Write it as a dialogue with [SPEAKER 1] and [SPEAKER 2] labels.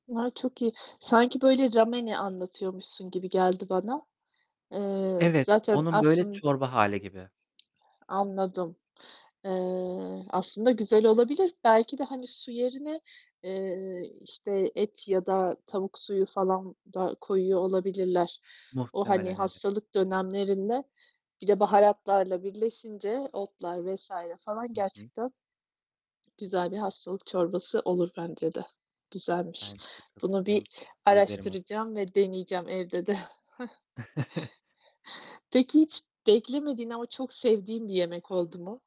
[SPEAKER 1] Ay, çok iyi. Sanki böyle ramen'i anlatıyormuşsun gibi geldi bana. Eee,
[SPEAKER 2] Evet,
[SPEAKER 1] zaten
[SPEAKER 2] onun böyle
[SPEAKER 1] aslında
[SPEAKER 2] çorba hâli gibi.
[SPEAKER 1] Anladım. Eee, aslında güzel olabilir. Belki de, hani, su yerine, eee, işte, et ya da tavuk suyu falan da koyuyor olabilirler. O, hani,
[SPEAKER 2] Muhtemelen, evet.
[SPEAKER 1] hastalık dönemlerinde bir de baharatlarla birleşince, otlar vs. falan
[SPEAKER 2] Hı hı.
[SPEAKER 1] gerçekten güzel bir hastalık çorbası olur bence de. Güzelmiş.
[SPEAKER 2] Bence de
[SPEAKER 1] Bunu bir
[SPEAKER 2] katılıyorum. Tavsiye ederim onu.
[SPEAKER 1] araştıracağım ve deneyeceğim evde de. Peki, hiç beklemediğin ama çok sevdiğin bir yemek oldu mu?